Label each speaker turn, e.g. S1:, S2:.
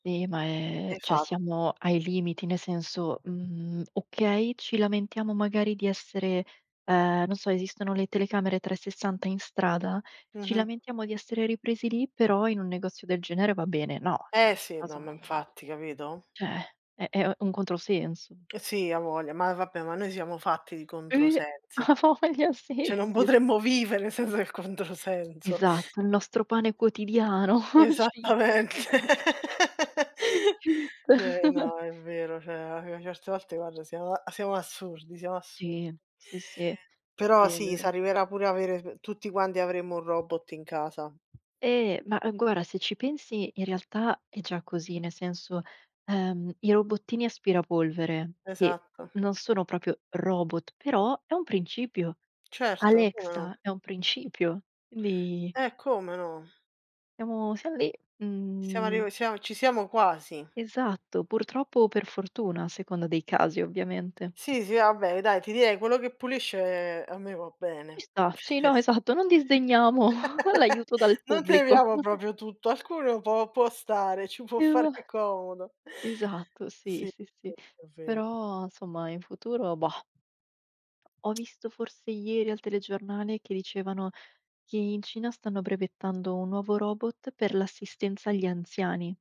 S1: Ehm, ma è cioè
S2: Esa
S1: siamo ai limiti, nel senso, mhmm, okay, ci lamentiamo magari di essere ehm, non so, esistono le telecamere 360 in strada, ci
S2: Mh-mh.
S1: lamentiamo di essere ripresi lì, però in un negozio del genere va bene. No, cioè,
S2: Eh
S1: in
S2: sì, no
S1: casa
S2: ma infatti, capito?
S1: cioè è è u un controsenso.
S2: Sì, a voglia, ma vabbè, ma noi siamo fatti di
S1: Eh
S2: controsensi.
S1: a voglia
S2: Cioè
S1: sì,
S2: non
S1: sì, s
S2: potremmo vivere senza il controsenso.
S1: Esatto, "il nostro pane quotidiano" cit.
S2: Esattamente.
S1: Cit.
S2: Cioè no, è vero, cioè alla fin certe volte guarda siamo a siamo assurdi, siamo assurdi.
S1: Sì, sì, sì.
S2: Però
S1: Sì è
S2: sì,
S1: vero.
S2: s'arriverà pure a avere sbe tutti quanti avremo un robot in casa.
S1: Ehm, ma, ehm, guarda, se ci pensi in realtà è già così: nel senso, ehm, i robottini aspirapolvere, che
S2: Esatto.
S1: non sono proprio robot, però è un principio.
S2: Certo, come no.
S1: Alexa è un principio, quindi
S2: Eh come no?
S1: siamo siamo lì,
S2: Siamo
S1: mhmm.
S2: arriv siamo ci siamo quasi.
S1: Esatto, purtroppo o per fortuna a seconda dei casi ovviamente.
S2: Sì, sì vabbè dai ti direi quello che pulisce a me va
S1: Ci
S2: bene.
S1: sta, sì, no, esatto, non disdegniamo l'aiuto dal
S2: Non
S1: pubblico.
S2: temiamo proprio tutto, alcuno può può stare, ci può fare comodo.
S1: Esatto, sì,
S2: Sì,
S1: sì, sì.
S2: questo è ver
S1: Però somma in futuro, bah. Ho visto forse ieri al telegiornale che dicevano che in Cina stanno brevettando un nuovo robot per l'assistenza agli anziani.